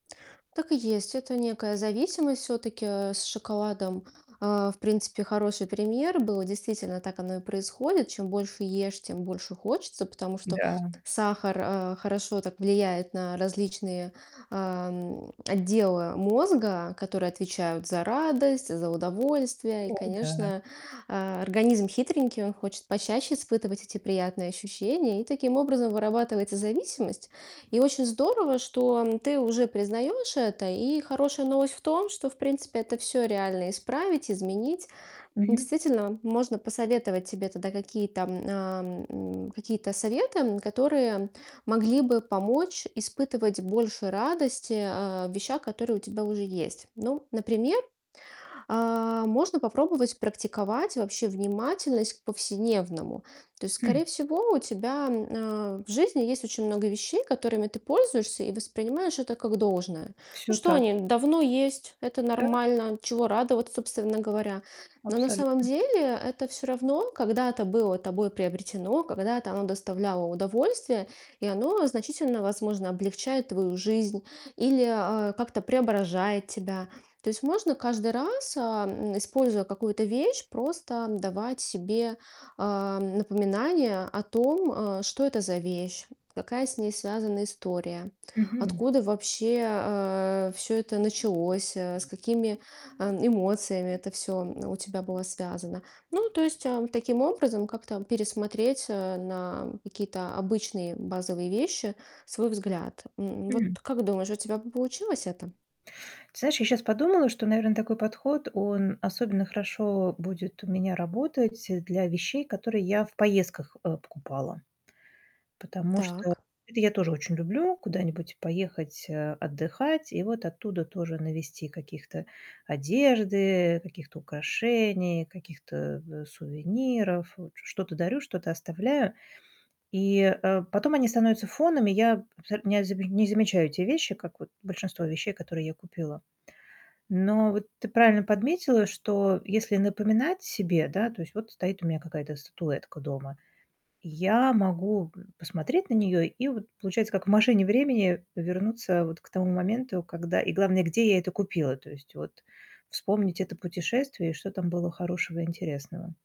Так и есть. Это некая зависимость всё-таки. Э, с шоколадом, а, в принципе, хороший пример был. Действительно, так оно и происходит: чем больше ешь, тем больше хочется. Потому что Да. сахар, а, хорошо так влияет на различные, ам, отделы мозга, которые отвечают за радость, за удовольствие. И, О да. конечно, а, организм хитренький, он хочет почаще испытывать эти приятные ощущения, и таким образом вырабатывается зависимость. И очень здорово, что ты уже признаешь это. И хорошая новость в том, что, в принципе, это всё реально исправить, изменить. Мгм. Действительно, можно посоветовать тебе тогда какие-то, ам, м, какие-то советы, м, которые могли бы помочь испытывать больше радости, а, в вещах, которые у тебя уже есть. Ну, например, а, можно попробовать практиковать вообще внимательность к повседневному. То есть, Хм. скорее всего, у тебя, а, в жизни есть очень много вещей, которыми ты пользуешься и воспринимаешь это как должное. Ну Всё что, так. они давно есть, это Да. нормально. Чего радоваться, собственно говоря? Но на самом Абсолютно. деле это всё равно когда-то было тобой приобретено, когда-то оно доставляло удовольствие, и оно значительно, возможно, облегчает твою жизнь или, а, как-то преображает тебя. То есть можно каждый раз, а, м, используя какую-то вещь, просто давать себе, а, напоминание о том, а: что это за вещь, какая с ней связана история, Мгм. откуда вообще, а, всё это началось, э, с какими, а, эмоциями это всё, м, у тебя было связано. Ну, то есть, а, таким образом как-то пересмотреть, а, на какие-то обычные базовые вещи свой взгляд. М, М. вот как думаешь, у тебя бы получилось это? Ты знаешь, я сейчас подумала, что, наверно, такой подход, он особенно хорошо будет у меня работать, э, для вещей, которые я в поездках, э, покупала. Потому что Так. это я тоже очень люблю куда-нибудь поехать, э, отдыхать и вот оттуда тоже навезти каких-то одежды, каких-то украшений, каких-то, э, сувениров. Вот что-то дарю, что-то оставляю. И, э, потом они становятся фоном, и я э, м, нязибе не замечаю эти вещи, как вот большинство вещей, которые я купила. Но вот ты правильно подметила, что если напоминать себе, да То есть вот стоит у меня какая-то статуэтка дома, я могу г посмотреть на неё и вот, получается, как в машине времени вернуться вот к тому моменту, когда и главное, где я это купила. То есть вот вспомнить это путешествие, и что там было хорошего и интересного.